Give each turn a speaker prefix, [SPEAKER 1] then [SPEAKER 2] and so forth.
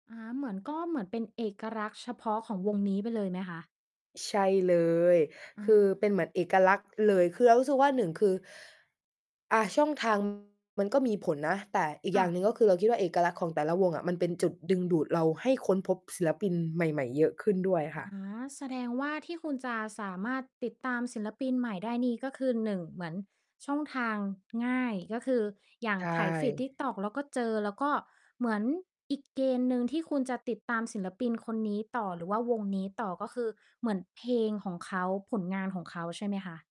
[SPEAKER 1] อ๋อ เหมือน ก็เหมือนเป็นเอกลักษณ์ เฉพาะของวงนี้ไปเลยไหมคะ?
[SPEAKER 2] ใช่เลย
[SPEAKER 1] อ
[SPEAKER 2] ค
[SPEAKER 1] า
[SPEAKER 2] ือเป็นเหมือนเอกลักษณ์เลย คือเรารู้สึกว่า 1 คือ อ่า ช่อง ทาง มันก็มีผลนะ แต่อีก
[SPEAKER 1] ค
[SPEAKER 2] อ
[SPEAKER 1] ่
[SPEAKER 2] ย่าง
[SPEAKER 1] ะ
[SPEAKER 2] หนึ่งก็คือ เราคิดว่า เอกลักษณ์ของแต่ละวงอะ มันเป็นจุดดึงดูดเราให้ค้นพบศิลปินใหม่ ๆ เยอะขึ้นด้วยอะ
[SPEAKER 1] อ
[SPEAKER 2] ค
[SPEAKER 1] ๋
[SPEAKER 2] ่
[SPEAKER 1] อ
[SPEAKER 2] ะ
[SPEAKER 1] แสดงว่าที่คุณจะสามารถติดตามศิลปินใหม่ได้นี่ ก็คือ 1 เหมือนช่องทางง่าย ก็คืออย่า
[SPEAKER 2] ใ
[SPEAKER 1] ง
[SPEAKER 2] ช
[SPEAKER 1] ไถ feed
[SPEAKER 2] ่
[SPEAKER 1] TikTok แล้วก็เจอ แล้วก็ เหมือนอีกเกณฑ์หนึ่งที่คุณจะติดตามศิลปินคนนี้ต่อ หรือว่าวงนี้ต่อ ก็คือเหมือนเพลงของเขา ผลงานของเขาใช่ไหมคะ?